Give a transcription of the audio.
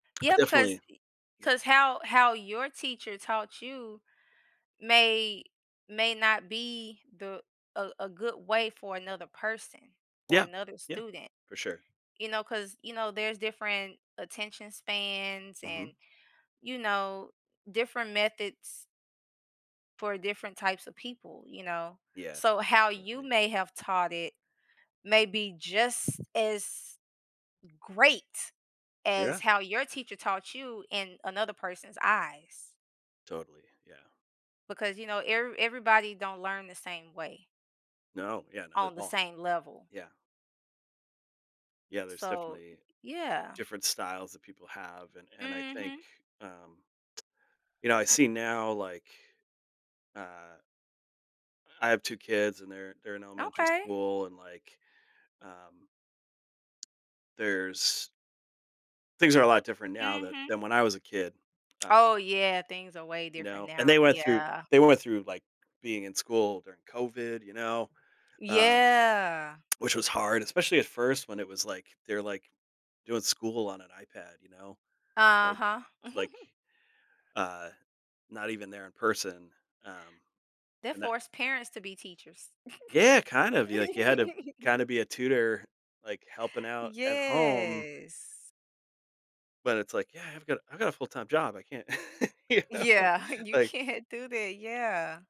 Yeah, because Definitely, y yeah. 'cause how how your teacher taught you may may not be the a a good way for another person or Yeah, another yeah, student, for sure. you know, 'cause, you know, there's different attention spans Mhm. and, you know, different methods for different types of people, you know? Yeah, So, how you definitely. may have taught it, may be just as great as Yeah. how your teacher taught you in another person's eyes Totally, yeah. because, you know, every everybody don't learn the same way No, yeah, not at on the all. same level. Yeah. Yeah, there's so, definitely yeah. different styles that people have, and and I think, Mhm. um, you know, I see now, like, uh I have 2 kids, and they're they're in elementary Okay. school and, like, um, there's Things are a lot different now than Mhm. than when I was a kid, uh Oh, yeah, things are way You different know, and they now, went through yeah. they went through, like, being in school during COVID, you know, um, Yeah. which was hard, especially at first when it was like they're, like, doing school on an iPad, you know, like Uh-huh. like, uh, not even there in person, um, They and that force parents to be teachers. Yeah, kind of you, like you had to kinda be a tutor, like, helping out at home Yes. but, it's like, "Yeah, I've got I've got a full time job I can't" you know? Yeah, you Like can't do that, yeah.